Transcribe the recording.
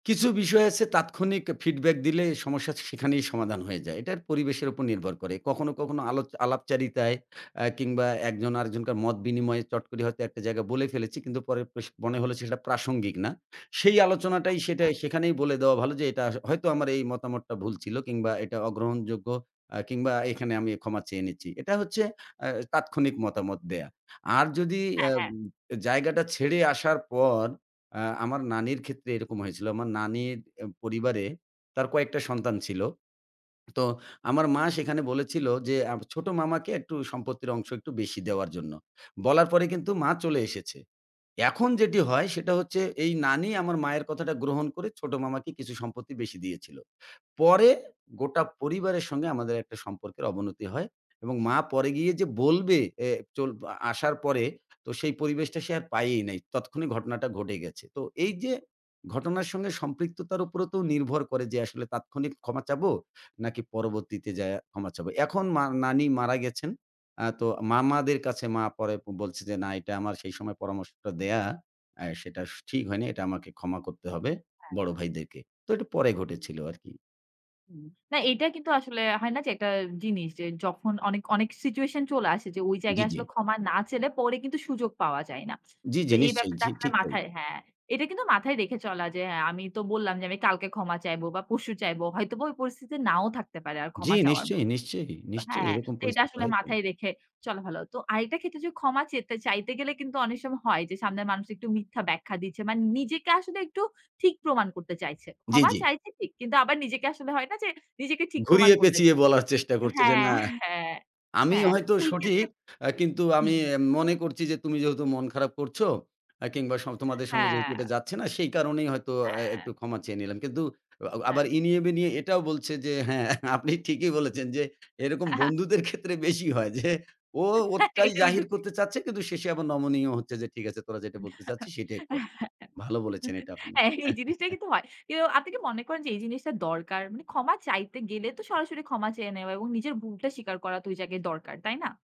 কিছু বিষয় আছে, তাৎক্ষণিক ফিডব্যাক দিলে, সমস্যা সেখানেই সমাধান হয়ে যায়। এটার পরিবেশের উপর নির্ভর করে। কখনো, কখনো আলো আলাপচারিতায় এ কিংবা একজন আরেকজনকার মত বিনিময়ে, চট করে হয়তো একটা জায়গা বলে ফেলেছি। কিন্তু পরের প্রশ মনে হলো যে সেটা প্রাসঙ্গিক না। সেই আলোচনাটাই, আচ্ছা। সেটাই সেখানেই বলে দেয়া ভালো যে, "এটার হয় তো আমার এই মতামতটা ভুল ছিল"। কিংবা "এটা অগ্রহণযোগ্য," আ কিংবা "এখানে আমি ক্ষমা চেয়ে নিচ্ছি।" এটা হচ্ছে এ তাৎক্ষণিক মতামত দেয়া। আর যদি এ হ্যাঁ, হ্যাঁ। জায়গাটা ছেড়ে আসার পর, আ আমার নানির ক্ষেত্রে এরকম হয়েছিল। আমার নানির পরিবারে, তার কয়েকটা সন্তান ছিল। তো আমার মা সেখানে বলেছিল যে, আব ছোট মামাকে একটু সম্পত্তির অংশ একটু বেশি দেওয়ার জন্য। বলার পরে কিন্তু মা চলে এসেছে। এখন যেটি হয় সেটা হচ্ছে, এই নানি আমার মায়ের কথাটা গ্রহণ করে, ছোট মামাকে কিছু সম্পত্তি বেশি দিয়েছিল। পরে গোটা পরিবারের সঙ্গে আমাদের একটা সম্পর্কের অবনতি হয়। এবং মা পরে গিয়ে যে বলবে, এ চল আসার পরে তো, সেই পরিবেশটা সে আর পায়েই নাই। তৎক্ষণিক ঘটনাটা ঘটে গেছে। তো এই যে ঘটনার সঙ্গে সম্পৃক্ততার উপরও তো নির্ভর করে যে আসলে, তাৎক্ষণিক ক্ষমা চাবো, নাকি পরবর্তীতে যাইয়া ক্ষমা চাবো? এখন মা নানি মারা গেছেন। আ তো মামাদের কাছে মা পরে বলছে যে, "না, এটা আমার সেই সময় পরামর্শটা দেওয়া, এ সেটা ঠিক হয়নি। এটা আমাকে ক্ষমা করতে হবে, বড় হ্যাঁ। ভাইদেরকে।" তো এটা পরে ঘটেছিল আরকি। হুম। না, এটা কিন্তু আসলে হয় না? যে, একটা জিনিস যে যখন অনেক, অনেক সিচুয়েশন চলে আসে যে, ওই জি, জায়গায় জি। আসলে ক্ষমা না চেলে, পরে কিন্তু সুযোগ পাওয়া যায় না। জি, তো জি, এই নিশ্চয়ই। ব্যাপারটা জি, আসলে ঠিক তাই। মাথায় হ্যাঁ। এটা কিন্তু মাথায় রেখে চলা যে, "আমি তো বললাম যে, আমি কালকে ক্ষমা চাইব বা পরশু চাইব।" হয়তোবা ওই পরিস্থিতিতে নাও থাকতে পারে। আর জি, ক্ষমা চাওয়ার মত নিশ্চয়ই, নিশ্চয়ই, নিশ্চয়ই। হ্যাঁ। এরকম এটা পরিস্থিতি আসলে হয়তো। মাথায় রেখে চলা ভালো। তো আরেকটা ক্ষেত্রে যদি ক্ষমা চেতে, চাইতে গেলে কিন্তু অনেক সময় হয় যে, সামনের মানুষ একটু মিথ্যা ব্যাখ্যা দিচ্ছে। মানে নিজেকে আসলে একটু ঠিক প্রমাণ করতে চাইছে। জি, ক্ষমা জি। চাইছে ঠিক। কিন্তু আবার নিজেকে আসলে হয় না? যে, নিজেকে ঠিক প্রমাণ করতে ঘুরিয়ে-পেঁচিয়ে চায় বলার চেষ্টা করছে যে, হ্যাঁ, "না। হ্যাঁ, আমি হ্যাঁ। হয়তো ওই সঠিক? ক্ষেত্রে আ কিন্তু হু, আমি হুম। মনে করছি যে, তুমি যেহেতু মন খারাপ করছ, আ কিংবা সং তোমাদের সঙ্গে যেহেতু এটা হ্যাঁ। যাচ্ছে না, সেই কারণেই হয়তো আ হ্যাঁ। একটু ক্ষমা চেয়ে নিলাম।" কিন্তু আ আবার হ্যাঁ। ইনিয়ে-বিনিয়ে এটাও বলছে যে, "হ্যাঁ, আপনি ঠিকই বলেছেন যে, এরকম বন্ধুদের ক্ষেত্রে বেশি হয় যে, ও হ্যাঁ! ওটাই এটা এদু জাহির ঠিক। করতে চাচ্ছে, কিন্তু শেষে আবার নমনীয় হচ্ছে যে, "ঠিক আছে, তোরা যেটা বলতে চাচ্ছি সেটাই কর।" ভালো বলেছেন এটা আপনি। হ্যাঁ। এই জিনিসটাই কিন্তু হয়। এও আপনি কি মনে করেন যে, এই জিনিসটা দরকার? মানে ক্ষমা চাইতে গেলে তো সরাসরি ক্ষমা চেয়ে নেওয়া এবং নিজের ভুলটা স্বীকার করা তো ওই জায়গায় দরকার। তাই না?